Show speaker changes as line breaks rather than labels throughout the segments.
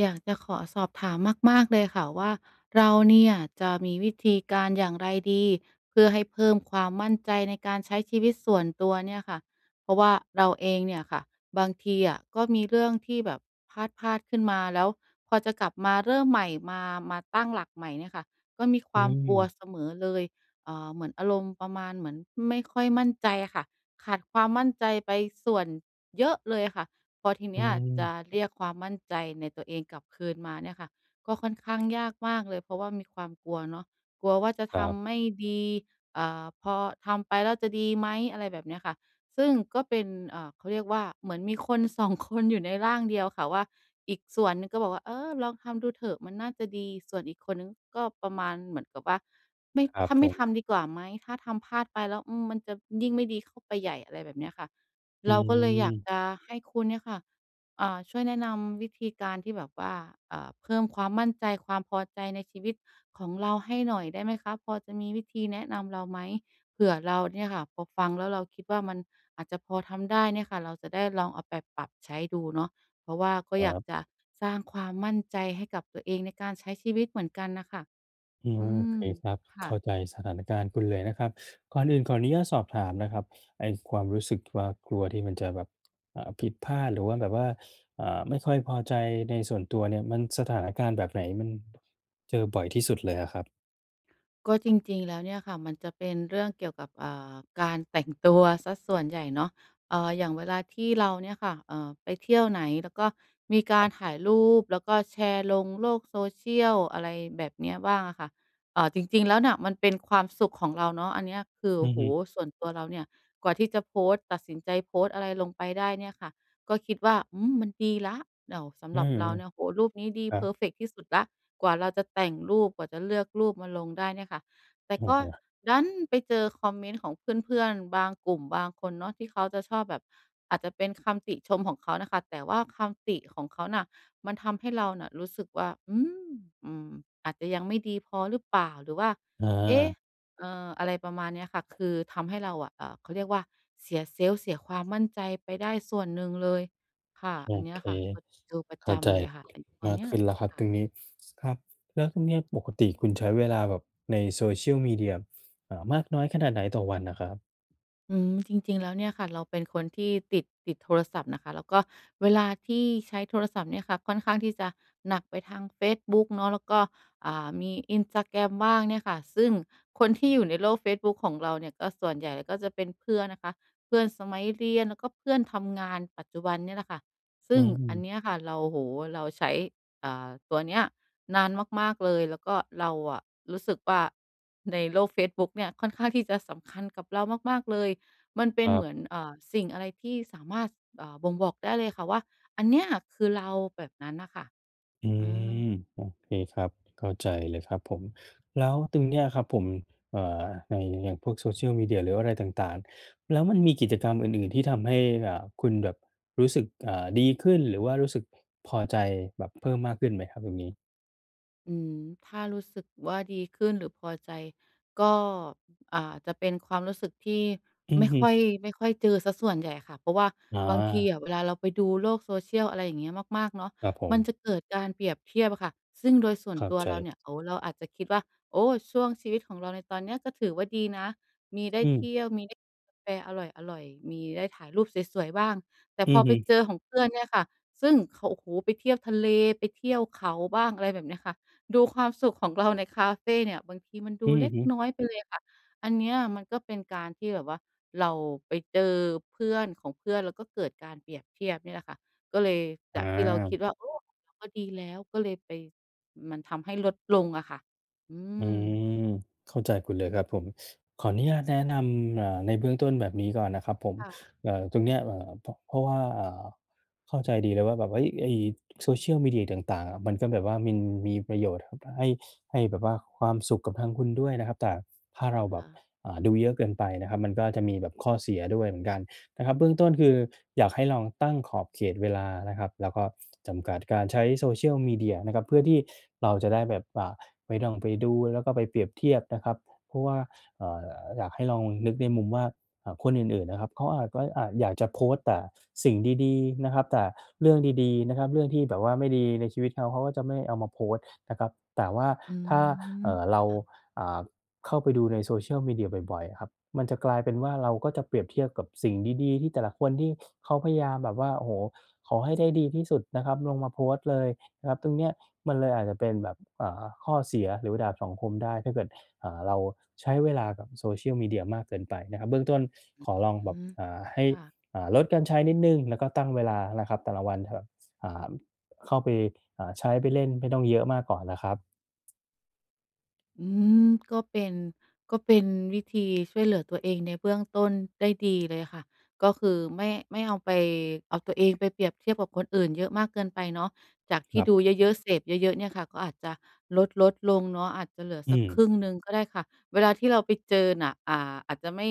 อยากจะขอสอบถามมาก ๆ เลยค่ะว่า เราเนี่ยจะมีวิธีการอย่างไรดี? เพื่อให้เพิ่มความมั่นใจในการใช้ชีวิตส่วนตัวเนี่ยค่ะ เพราะว่าเราเองเนี่ยค่ะบางทีอะก็มีเรื่องที่แบบพลาด ๆ ขึ้นมา แล้วพอจะกลับมาเริ่มใหม่ มา มาตั้งหลักใหม่เนี่ยค่ะ ก็มีค
อื
วามกลัว
ม
เสมอเลย อ่า เหมือนอารมณ์ประมาณเหมือนไม่ค่อยมั่นใจอะค่ะ ขาดความมั่นใจไปส่วนเยอะเลย อะค่ะ พอทีเ
อื
นี้ยจะ
ม
เรียกความมั่นใจในตัวเองกลับคืนมาเนี่ยค่ะ ก็ค่อนข้างยาก มากเลย เพราะว่ามีความกลัวเนาะ กลัวว่าจะ
ค
ท
รับ
ำไม่ดี อ่า พอทำไปแล้วจะดีไหม? อะไรแบบเนี้ยค่ะ ซึ่งก็เป็น อ่า เขาเรียกว่า เหมือนมีคนสองคนอยู่ในร่างเดียวค่ะว่า อีกส่วนหนึ่งก็บอกว่า "เออ ลองทำดูเถอะมันน่าจะดี" ส่วนอีกคนหนึ่งก็ประมาณเหมือนกับว่า "ไม่
ครั
ถ
บ
้า
ผ
ไม่ท
ม
ำดีกว่าไหม? ถ้าทำพลาดไปแล้ว อืม มันจะยิ่งไม่ดีเข้าไปใหญ่" อะไรแบบเนี้ยค่ะ
อื
เราก็เลยอยาก
ม
จะให้คุณเนี่ยค่ะ อ่า ช่วยแนะนำวิธีการที่แบบว่า อ่า เพิ่มความมั่นใจ ความพอใจในชีวิตของเราให้หน่อยได้ไหมคะ? พอจะมีวิธีแนะนำเราไหม? เผื่อเราเนี่ยค่ะพอฟังแล้วเราคิดว่า มันอาจจะพอทำได้เนี่ยค่ะ เราจะได้ลองเอาไปปรับใช้ดูเนาะ เพราะว่าก็
คร
อย
ั
าก
บ
จะสร้างความมั่นใจให้กับตัวเอง ในการใช้ชีวิตเหมือนกันน่ะค่ะ
อื
อ
ม
ื
โอเค
ม
ครับ
ค
เ
่
ข้า
ะ
ใจสถานการณ์คุณเลยนะครับ ก่อนอื่นขออนุญาตสอบถามนะครับ ไอ้ความรู้สึกว่า กลัวที่มันจะแบบ อ่า ผิดพลาดหรือว่า แบบว่า อ่า ไม่ค่อยพอใจในส่วนตัวเนี่ย มัน สถานการณ์แบบไหนมันเจอบ่อยที่สุดเลยอะครับ?
ก็จริง ๆ แล้วเนี่ยค่ะมันจะเป็นเรื่องเกี่ยวกับ อ่า การแต่งตัวเสียส่วนใหญ่เนาะ เอ่อ อย่างเวลาที่เราเนี่ยค่ะ เอ่อ ไปเที่ยวไหน แล้วก็มีก
คร
า
ั
ร
บ
ถ่ายรูป แล้วก็แชร์ลงโลก social อะไรแบบเนี้ยบ้างอะค่ะ เอ่อ จริง ๆ แล้วเนี่ยมันเป็นความสุขของเราเนาะ อันเนี้ยคือ
อ
โอ
ื
้
อ
โฮ
ฮึ
ส่วนตัวเราเนี่ย กว่าที่จะโพสต์ ตัดสินใจโพสต์อะไรลงไปได้เนี่ยค่ะ ก็คิดว่า อืม มันดีแล้ว แล่ว ส
อ
ำ
ื
หรับ
ม
เราเนี่ย โอ้โฮ รูปนี้ดี
ครั
เพ
บ
อร์เฟกต์ที่สุดแล้ว กว่าเราจะแต่งรูป กว่าจะเลือกรูปมาลงได้เนี่ยค่ะ แต
โ
่
อ้
ก็
โฮ
ดันไปเจอคอมเมนต์ของเพื่อน ๆ บางกลุ่ม บางคนเนาะ ที่เขาจะชอบแบบ อาจจะเป็นคำติชมของเขาน่ะค่ะ แต่ว่าคำติของเขาน่ะมันทำให้เราน่ะรู้สึกว่า "อืม อืม อาจจะยังไม่ดีพอหรือเปล่า?" หรือว่า "เอ๊ะ
เออ
เออ" อะไรประมาณเนี้ยค่ะ คือทำให้เราอะ เอ่อ เขาเรียกว่า เสีย self เสียความมั่นใจไปได้ส่วนหนึ่งเลย ค่ะ
โอ
อันเนี้
เ
ยแ
ค
หละค่ะ [unintelligible] เจอประ
เข
จ
้าใจ
ำเลยอะค่ะไอ้ตัว
มา
เ
ก
นี้
ข
ย
ึ้นแล้วคร
ค
ับ
่
ต
ะ
รงนี้ ครับ แล้วตรงเนี้ยปกติคุณใช้เวลาแบบใน Social Media อ่า มากน้อยขนาดไหนต่อวันน่ะครับ?
อืม จริง ๆ แล้วเนี่ยค่ะ เราเป็นคนที่ติด ติดโทรศัพท์นะคะ แล้วก็เวลาที่ใช้โทรศัพท์เนี่ยค่ะ ค่อนข้างที่จะหนักไปทางเฟซบุ๊กเนาะ แล้วก็ อ่า มี Instagram บ้างเนี่ยค่ะ ซึ่งคนที่อยู่ในโลกเฟซบุ๊กของเราเนี่ย ก็ส่วนใหญ่ก็จะเป็นเพื่อนนะคะ เพื่อนสมัยเรียน แล้วก็เพื่อนทำงานปัจจุบันเนี่ยแหละค่ะ ซ
อ
ึ
ื
่งอัน
ม
เนี้ยค่ะ เรา โอ้โฮ เราใช้ อ่า ตัวเนี้ยนานมาก ๆ เลย แล้วก็เราอะรู้สึกว่า ในโลกเฟซบุ๊กเนี่ยค่อนข้างที่จะสำคัญกับเรามาก ๆ เลย มันเป
ค
็น
รั
เห
บ
มือน เอ่อ สิ่งอะไรที่สามารถ อ่า บ่งบอกได้เลยค่ะ ว่าอันเนี้ยคือเรา แบบนั้นอะค่ะ
อื
อื
ม
อ
โอเคครับ เข้าใจเลยครับผม แล้วตรงเนี้ยครับผม อ่า ในอย่างพวก social media หรืออะไรต่าง ๆ แล้วมันมีกิจกรรมอื่น ๆ ที่ทำให้ อ่า คุณแบบรู้สึก อ่า ดีขึ้น หรือว่ารู้สึกพอใจแบบเพิ่มมากขึ้นไหมครับตรงนี้?
อืม ถ้ารู้สึกว่าดีขึ้นหรือพอใจก็ อ่า จะเป็นความรู้สึกที่
อื
ไ
อ
ม่
ฮ
ค่อ
ึ
ย ไม่ค่อยเจอเสียส่วนใหญ่ค่ะ เพราะว่า
อ๋
บางทีอ
อ
ะเวลาเราไปดูโลก social อะไรอย่างเงี้ย มาก ๆ เนาะ
ครับผ
มัน
ม
จะเกิดการเปรียบเทียบอะค่ะ ซึ่งโดยส่ว
เ
น
ข้า
ตัว
ใ
เรา
จ
เนี่ย โอ้โฮ เราอาจจะคิดว่า โอ้ ช่วงชีวิตของเราในตอนเนี้ย ก็ถือว่าดีนะ มีได้
อื
เท
ม
ี่ยว มีได้กินกาแฟอร่อย ๆ มีได้ถ่ายรูปสวย ๆ บ้าง แต่
อื
พอ
อฮ
ไป
ึ
เจอของเพื่อนเนี่ยค่ะ ซึ่งเขา โอ้โฮ ไปเที่ยวทะเล ไปเที่ยวเขาบ้าง อะไรแบบเนี้ยค่ะ ดูความสุขของเราในคาเฟเนี่ย บางทีมันดู
อื
เล
อ
็ก
ฮึ
น้อยไปเลยอะค่ะ อันเนี้ยมันก็เป็นการที่แบบว่าเราไปเจอเพื่อนของเพื่อน แล้วก็เกิดการเปรียบเทียบเนี่ยแหละค่ะ ก็เลยจากที่เราค
อา
ิดว่า "โอ้ ก็ดีแล้ว" ก็เลยไป มันทำให้ลดลงอะค่ะ อื
อื
ม
ม เข้าใจคุณเลยครับผม ขออนุญาตแนะนำ อ่า ในเบื้องต้นแบบนี้ก่อนนะครับผม
ค่ะ
อ่า ตรงเนี้ย อ่า พ เพราะว่า อ่า เข้าใจดีเลยว่าแบบว่า เฮ้ย ไอ้ social media ต่าง ๆ อะมันก็แบบว่ามันมีประโยชน์อะ ให้ ให้แบบว่าความสุขกับทางคุณด้วยนะครับ แต่ถ้าเร
ค
าแบ
่
บ
ะ
อ่า ดูเยอะเกินไปนะครับ มันก็อาจจะมีแบบข้อเสียด้วยเหมือนกันนะครับ เบื้องต้นคืออยากให้ลองตั้งขอบเขตเวลานะครับ แล้วก็จำกัดการใช้ social media นะครับ เพื่อที่เราจะได้แบบ อ่า ไม่ต้องไปดู แล้วก็ไปเปรียบเทียบนะครับ เพราะว่า อ่า อยากให้ลองนึกในมุมว่า อ่า คนอื่น ๆ นะครับ เขาอาจว่า อะ อยากจะโพสต์แต่สิ่งดี ๆ นะครับ แต่เรื่องดี ๆ นะครับ เรื่องที่แบบว่าไม่ดีในชีวิตเขา เขาก็จะไม่เอามาโพสต์นะครับ แต่ว่า
อื
ถ้า เอ
ม
่อ เร
ค
า
่ะ
อ่า เข้าไปดูใน social media บ่อย ๆ อะครับ มันจะกลายเป็นว่า เราก็จะเปรียบเทียบกับสิ่งดี ๆ ที่แต่ละคนที่เขาพยายามแบบว่า โอ้โฮ ขอให้ได้ดีที่สุดนะครับ ลงมาโพสต์เลย หรับตรงเนี้ยมันเลยอาจจะเป็นแบบ อ่า ข้อเสีย หรือดาบสองคมได้ ถ้าเกิด อ่า เราใช้เวลากับ social media มากเกินไปนะครับ เบื้องต้นขอลอง
อื
แบบ
ม
อ่า ให้
ค่ะ
อ่า ลดการใช้นิดหนึ่ง แล้วก็ตั้งเวลานะครับแต่ละวันครับ อ่า เข้าไป อ่า ใช้ ไปเล่นไม่ต้องเยอะมากก่อนอะครับ
อืม ก็เป็น ก็เป็นวิธีช่วยเหลือตัวเองในเบื้องต้นได้ดีเลยค่ะ ก็คือไม่ ไม่เอาไป เอาตัวเองไปเปรียบเทียบกับคนอื่นเยอะมากเกินไปเนาะ จากท
ค
ี่
รั
ด
บ
ูเยอะ ๆ เสพย์เยอะ ๆ เนี่ยค่ะ ก็อาจจะลด ๆ ลงเนาะ อาจจะเหลือ
อื
สักคร
ม
ึ่งหนึ่งก็ได้ค่ะ เวลาที่เราไปเจอน่ะ อ่า อาจจะไม่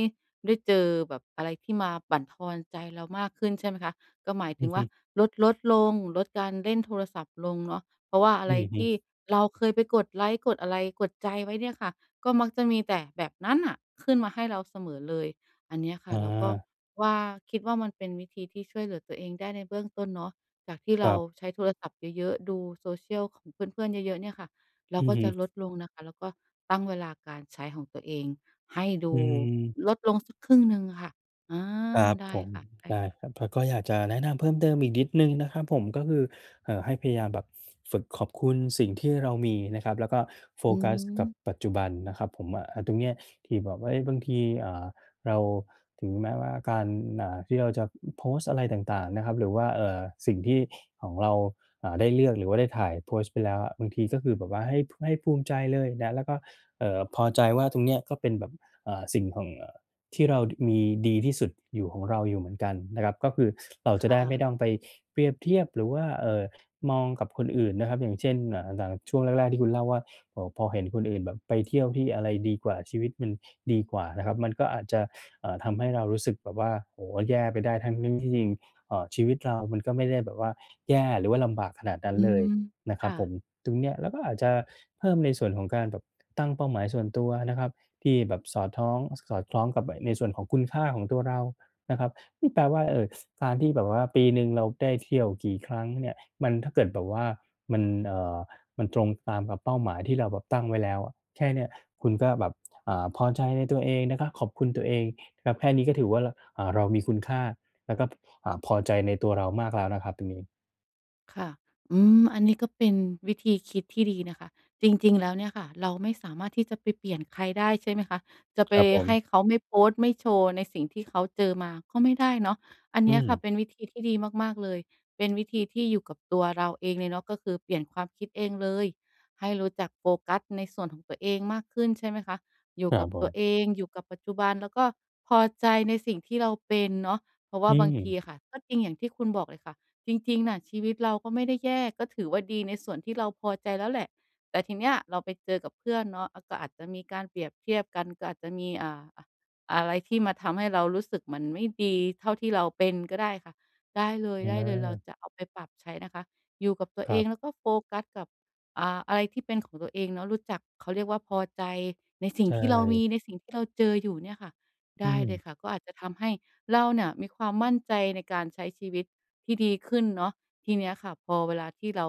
ได้เจอแบบอะไรที่มาบั่นทอนใจเรามากขึ้นใช่ไหมคะ ก็หมายถ
อื
ึ
อ
ง
ฮ
ว
ึ
่าลด ๆ ลง ลดการเล่นโทรศัพท์ลงเนาะ เพราะว่าอะ
อ
ไ
ื
ร
อฮ
ที่
ึ
เราเคยไปกดไลก์ กดอะไร กดใจไว้เนี่ยค่ะ ก็มักจะมีแต่แบบนั้นน่ะ ขึ้นมาให้เราเสมอเลย อันเนี้ยค่ะ
อ
เราก็
า
ว่า คิดว่า มันเป็นวิธีที่ช่วยเหลือตัวเองได้ในเบื้องต้นเนาะ จากที่
ค
เร
ร
า
ับ
ใช้โทรศัพท์เยอะ ๆ ดูโซเชียลของเพื่อน ๆ เยอะ ๆ เนี่ยค่ะ เรา
อื
ก
อ
็
ฮ
จะ
ึ
ลดลงนะคะ แล้วก็ตั้งเวลาการใช้ของตัวเอง ให้ด
อ
ู
ืม
ลดลงสักครึ่งหนึ่งค่ะ อา
ครับ
ได้
ผม
ค่
ได้
ะ ๆ
ครับ แล้วก็อยากจะแนะนำเพิ่มเติมอีกนิดหนึ่งนะครับผม ก็คือ เอ่อ ให้พยายามแบบ ฝ ฝึกขอบคุณสิ่งที่เรามีนะครับ แล้วก็โฟ
อื
กัสกับ
ม
ปัจจุบันนะครับผม อะ อะ ตรงเนี้ยที่แบบว่า เอ๊ย บางที อ่า เรา ถึงแม้ว่าการ อ่า ที่เราจะโพสต์อะไรต่าง ๆ นะครับ หรือว่า เอ่อ สิ่งที่ ของเรา อ่า ได้เลือกหรือว่าได้ถ่าย โพสต์ไปแล้วอะ บางทีก็คือแบบว่าให้ ให้ภูมิใจเลยนะ แล้วก็ เอ่อ พอใจว่าตรงเนี้ยก็เป็นแบบ อ่า สิ่งของ อ่า ที่เรา ด มีดีที่สุดอยู่ ของเราอยู่เหมือนกันนะครับ ก็คือเรา
ค
จะได
่
้ไม่
ะ
ต้องไปเปรียบเทียบ หรือว่า เอ่อ มองกับคนอื่นนะครับ อย่างเช่น อ่า อย่างช่วงแรก ๆ ที่คุณเล่าว่า โอ้โฮ พอเห็นคนอื่นแบบไปเที่ยวที่อะไรดีกว่า ชีวิตมันดีกว่านะครับ มันก็อาจจะ อ่า ทำให้เรารู้สึกแบบว่า โอ้โฮ แย่ไปได้ ทั้ง ๆ ที่จริง เอ่อ ชีวิตเรามันก็ไม่ได้แบบว่าแย่ หรือว่าลำบากขนาดนั้
อ
น
ื
เล
ม
ยนะค
ค
รับ
่
ผ
ะ
ม ตรงเนี้ยเราก็อาจจะเพิ่มในส่วนของการแบบตั้งเป้าหมายส่วนตัวนะครับ ที่แบบสอดท้อง สอดคล้องกับไอ้ในส่วนของคุณค่าของตัวเรานะครับ นี่แปลว่า เออ ส การที่แบบว่าปีหนึ่งเราได้เที่ยวกี่ครั้งเนี่ย มันถ้าเกิดแบบว่ามัน เอ่อ มันตรงตามกับเป้าหมายที่เราแบบตั้งไว้แล้วอะ แค่เนี้ยคุณก็แบบ อ่า พอใจในตัวเองนะครับ ขอบคุณตัวเองครับ แค่นี้ก็ถือว่า ร อ่า เรามีคุณค่า แล้วก็ อ่า พอใจในตัวเรามากแล้วนะครับตรงนี้
ค่ะ อืม อันนี้ก็เป็นวิธีคิดที่ดีนะคะ จริง ๆ แล้วเนี่ยค่ะ เราไม่สามารถที่จะไปเปลี่ยนใครได้ ใช่ไหมคะ จะไป
ครับผ
ให้
ม
เขาไม่โพสต์ ไม่โชว์ในสิ่งที่เขาเจอมาก็ไม่ได้เนาะ อัน
อ
เ
ื
นี้ยค่ะ
ม
เป็นวิธีที่ดีมาก ๆ เลย เป็นวิธีที่อยู่กับตัวเราเองเลยเนาะ ก็คือเปลี่ยนความคิดเองเลย ให้รู้จักโฟกัสในส่วนของตัวเองมากขึ้น ใช่ไหมคะ อยู่
ครั
กั
บ
บ
ผ
ตัว
ม
เอง อยู่กับปัจจุบัน แล้วก็พอใจในสิ่งที่เราเป็นเนาะ เพราะว
อ
่า
ื
บางที
ม
อะค่ะ ก็จริงอย่างที่คุณบอกเลยค่ะ จริง ๆ น่ะ ชีวิตเราก็ไม่ได้แย่ ก็ถือว่าดีในส่วนที่เราพอใจแล้วแหละ แต่ทีเนี้ยเราไปเจอกับเพื่อนเนาะ อะ ก็อาจจะมีการเปรียบเทียบกัน ก็อาจจะมี อ่า อะ อะไรที่มาทำให้เรารู้สึกหมันไม่ดีเท่าที่เราเป็นก็ได้ค่ะ ได้เล
อ
ย ๆ เรา
า
จะเอาไปปรับใช้นะคะ อยู่กับตัว
ค
เ
ร
อ
ับ
งแล้วก็โฟกัสกับ อ่า อะไรที่เป็นของตัวเองเนาะ รู้จัก เขาเรียกว่า พอใจในสิ่
ใช
งที่เราม
่
ี ในสิ่งที่เราเจออยู่เนี่ยค่ะ ไ
อ
ด
ื
้เลย
ม
ค่ะ ก็อาจจะทำให้เราเนี่ยมีความมั่นใจ ในการใช้ชีวิตที่ดีขึ้นเนาะ ทีเนี้ยค่ะ พอเวลาที่เรา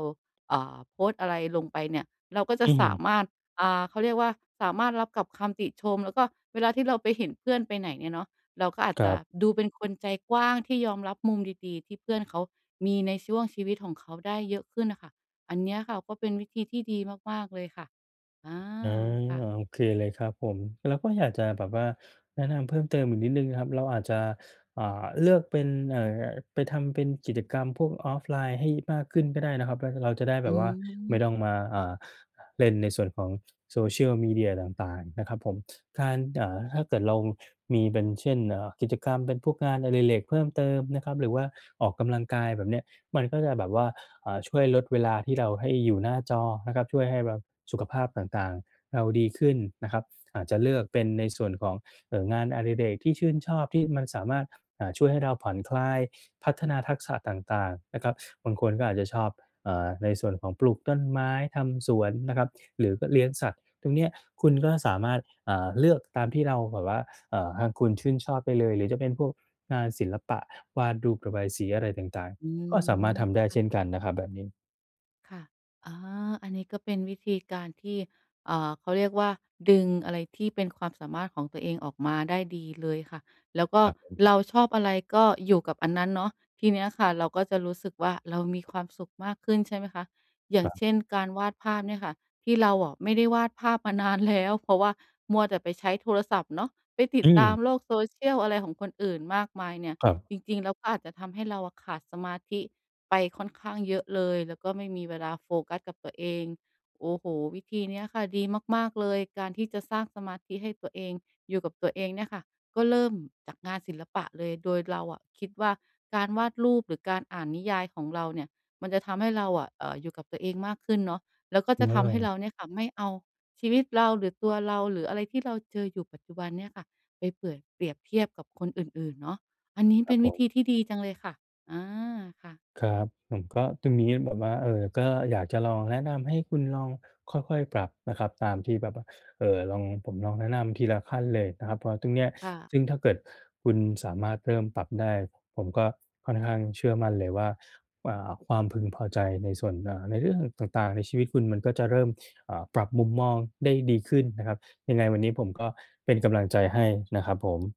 อ่า โพสต์อะไรลงไปเนี่ย เราก็จะ
อื
สา
ม
มารถ อ่า เขาเรียกว่า สามารถรับกับคำติชม แล้วก็เวลาที่เราไปเห็นเพื่อนไปไหนเนี่ยเนาะ เราก็อาจ
คร
จ
ั
ะ
บ
ดูเป็นคนใจกว้างที่ยอมรับมุมดี ๆ ที่เพื่อนเขามีในช่วงชีวิตของเขาได้เยอะขึ้นน่ะค่ะ อันเนี้ยค่ะก็เป็นวิธีที่ดีมาก ๆ เลยค่ะ อา
อา
ค่ะ
โอเคเลยครับผม แล้วก็อยากจะแบบว่า แนะนำเพิ่มเติมอีกนิดหนึ่งนะครับ เราอาจจะ อ่า เลือกเป็น เอ่อ ไปทำเป็นกิจกรรมพวก offline ให้มากขึ้นก็ได้นะครับ แล้วก็เราจะได้แ
อ
บ
ื
บว่าไม่
ม
ต้องมา อ่า เล่นในส่วนของโซเชียลมีเดียต่าง ๆ นะครับผม การ อ่า ถ้าเกิดเรามีเป็น เช่น อ่า กิจกรรม เป็นพวกงานอดิเรกเพิ่มเติมนะครับ หรือว่าออกกำลังกายแบบนี้ มันก็จะแบบว่า อ่า ช่วยลดเวลาที่เรา ให้อยู่หน้าจอนะครับ ช่วยให้แบบสุขภาพต่าง ๆ เราดีขึ้นนะครับ อาจจะเลือกเป็นในส่วนของ เออ งานอดิเรกที่ชื่นชอบที่มันสามารถ อ่า ช่วยให้เราผ่อนคลาย พัฒนาทักษะต่าง ๆ นะครับ บางคนก็อาจจะชอบ อ่า ในส่วนของปลูกต้นไม้ ทำสวนนะครับ หรือก็เลี้ยงสัตว์ ตรงเนี้ยคุณก็สามารถ อ่า เลือกตามที่เราแบบว่า อ่า ทางคุณชื่นชอบไปเลย หรือจะเป็นพวกงานศิลปะ วาดรูป ระบายสีอะไรต่าง
อื
ๆ ก็สามารถทำได้เช
ม
่นกันนะครับแบบนี้
ค่ะ อ๋อ อันนี้ก็เป็นวิธีการที่ อ่า เขาเรียกว่า ดึงอะไรที่เป็นความสามารถของตัวเองออกมาได้ดีเลยค่ะ แล้วก็
ครับผม
เราชอบอะไรก็อยู่กับอันนั้นเนาะ ทีเนี้ยค่ะ เราก็จะรู้สึกว่าเรามีความสุขมากขึ้นใช่ไหมคะ? อย่า
คร
ง
ับ
เช่น การวาดภาพเนี่ยค่ะ ที่เราอะไม่ได้วาดภาพมา นานแล้ว เพราะว่ามัวแต่ไปใช้โทรศัพท์เนาะ ไปติ
อ
ด
ื
ตา
ม
มโลกโซเชียลอะไรของคนอื่นมากมายเนี่ย
ครับ
จริง ๆ แล้วก็อาจจะทำให้เราอะขาดสมาธิไปค่อนข้างเยอะเลย แล้วก็ไม่มีเวลาโฟกัสกับตัวเอง โอ้โฮ! วิธีเนี้ยค่ะ ดีมาก ๆ เลย การที่จะสร้างสมาธิให้ตัวเองอยู่กับตัวเองเนี่ยค่ะ ก็เริ่มจากงานศิลปะเลย โดยเราอะคิดว่าการวาดรูปหรือการอ่านนิยายของเราเนี่ย มันจะทำให้เราอะ เอ่อ อยู่กับตัวเองมากขึ้นเนาะ แล้วก็จะทำให้เ
เออ
ราเนี่ยค่ะ ไม่เอาชีวิตเรา หรือตัวเรา หรืออะไรที่เราเจออยู่ปัจจุบันเนี่ยค่ะ ไปเปื่อย เปรียบเทียบกับคนอื่น ๆ เนาะ อันนี้
ค
เ
ร
ป็
ับ
นว
ผ
ิธ
ม
ีที่ดีจังเลยค่ะ อา ค่ะ
ครับ ผมก็ ตรงเนี้ยแบบว่า เออ ก็อยากจะลองแนะนำให้คุณลองค่อย ๆ ปรับนะครับ ตามที่แบบว่า เอ่อ ลอง ผมลองแนะนำทีละขั้นเลยนะครับ เพราะตรงเนี้ย
ค่ะ
ซึ่งถ้าเกิดคุณสามารถเริ่มปรับได้ ผมก็ค่อนข้างเชื่อมั่นเลยว่า อ่า ความพึงพอใจในส่วน อ่า ในเรื่องต่าง ๆ ในชีวิตคุณมันก็จะเริ่ม อ่า ปรับมุมมองได้ดีขึ้นนะครับ ยังไงวันนี้ผมก็เป็นกำลังใจให้นะครับผม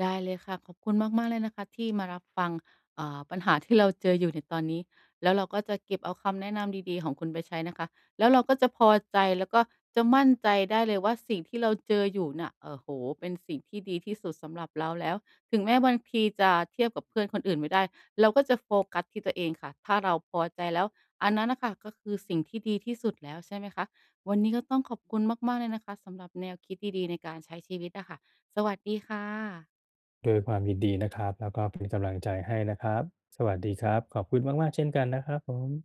ได้เลยค่ะ ขอบคุณมาก ๆ เลยนะคะ ที่มารับฟัง อ่า ปัญหาที่เราเจออยู่ในตอนนี้ แล้วเราก็จะเก็บเอาคำแนะนำดี ๆ ของคุณไปใช้นะคะ แล้วเราก็จะพอใจ แล้วก็จะมั่นใจได้เลยว่า สิ่งที่เราเจออยู่น่ะ โอ้โฮ! เป็นสิ่งที่ดีที่สุดสำหรับเราแล้ว ถึงแม้บางทีจะเทียบกับเพื่อนคนอื่นไม่ได้ เราก็จะโฟกัสที่ตัวเองค่ะ ถ้าเราพอใจแล้ว อันนั้นน่ะค่ะ ก็คือสิ่งที่ดีที่สุดแล้วใช่ไหมคะ? วันนี้ก็ต้องขอบคุณมาก ๆ เลยนะคะ สำหรับแนวคิดดี ๆ ในการใช้ชีวิตอะค่ะ สวัสดีค่ะ
ด้วยความยินดีนะครับ แล้วก็ เป็นกำลังใจให้นะครับ สวัสดีครับ ขอบคุณมาก ๆ เช่นกันนะครับผม